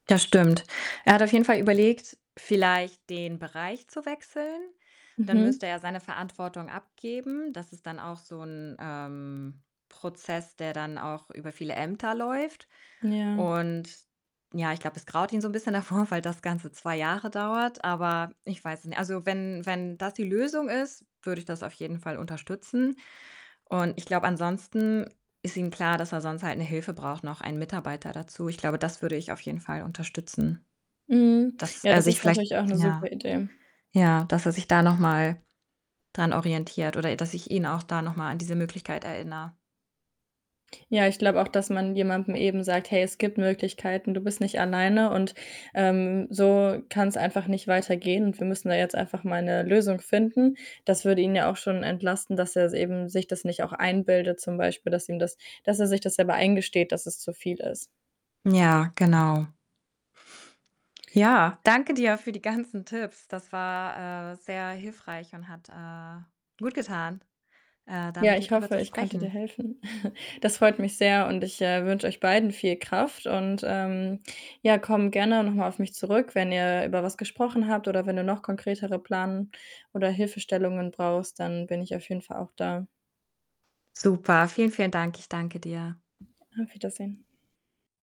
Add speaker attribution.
Speaker 1: Das stimmt. Er hat auf jeden Fall überlegt, vielleicht den Bereich zu wechseln. Dann
Speaker 2: Mhm.
Speaker 1: müsste er seine Verantwortung abgeben. Das ist dann auch so 'n, ähm, Prozess, der dann auch über viele Ämter läuft.
Speaker 2: Ja.
Speaker 1: Und ja, ich glaube, es graut ihn so 'n bisschen davor, weil das Ganze 2 Jahre dauert, aber ich weiß es ni also, wenn wenn das die Lösung ist, würde ich das auf jeden Fall unterstützen und ich glaube, ansonsten ist ihm klar, dass er sonst halt 'ne Hilfe braucht, noch 1 Mitarbeiter dazu. Ich glaube, das würde ich auf jeden Fall unterstützen,
Speaker 2: Mhm.
Speaker 1: dass
Speaker 2: Ja,
Speaker 1: er
Speaker 2: das
Speaker 1: sich
Speaker 2: ist
Speaker 1: vielleicht
Speaker 2: natürlich auch 'ne super
Speaker 1: ja,
Speaker 2: Idee.
Speaker 1: ja, dass er sich da noch mal dran orientiert oder ä dass ich ihn auch da noch mal an diese Möglichkeit erinnere.
Speaker 2: Ja, ich glaube auch, dass man jemandem eben sagt: „Hey, es gibt Möglichkeiten, du bist nicht alleine und, ähm, so kann's einfach nicht weitergehen, und wir müssen da jetzt einfach mal 'ne Lösung finden.“ Das würde ihn ja auch schon entlasten, dass er es eben sich das nicht auch einbildet zum Beispiel, dass ihm das dass er sich das selber eingesteht, dass es zu viel ist.
Speaker 1: Ja, genau. Ja, danke dir für die ganzen Tipps. Das war, äh, sehr hilfreich und hat, äh, gutgetan, äh, da
Speaker 2: Ja,
Speaker 1: mit dir
Speaker 2: ich
Speaker 1: drüber
Speaker 2: hoffe,
Speaker 1: zu
Speaker 2: ich konnte dir
Speaker 1: sprechen.
Speaker 2: helfen. Das freut mich sehr, und ich, äh, wünsche euch beiden viel Kraft und, ähm, ja, komm gerne noch mal auf mich zurück, wenn ihr über was gesprochen habt oder wenn du noch konkretere Plan oder Hilfestellungen brauchst, dann bin ich auf jeden Fall auch da.
Speaker 1: Super, vielen, vielen Dank. Ich danke dir.
Speaker 2: Auf Wiedersehen.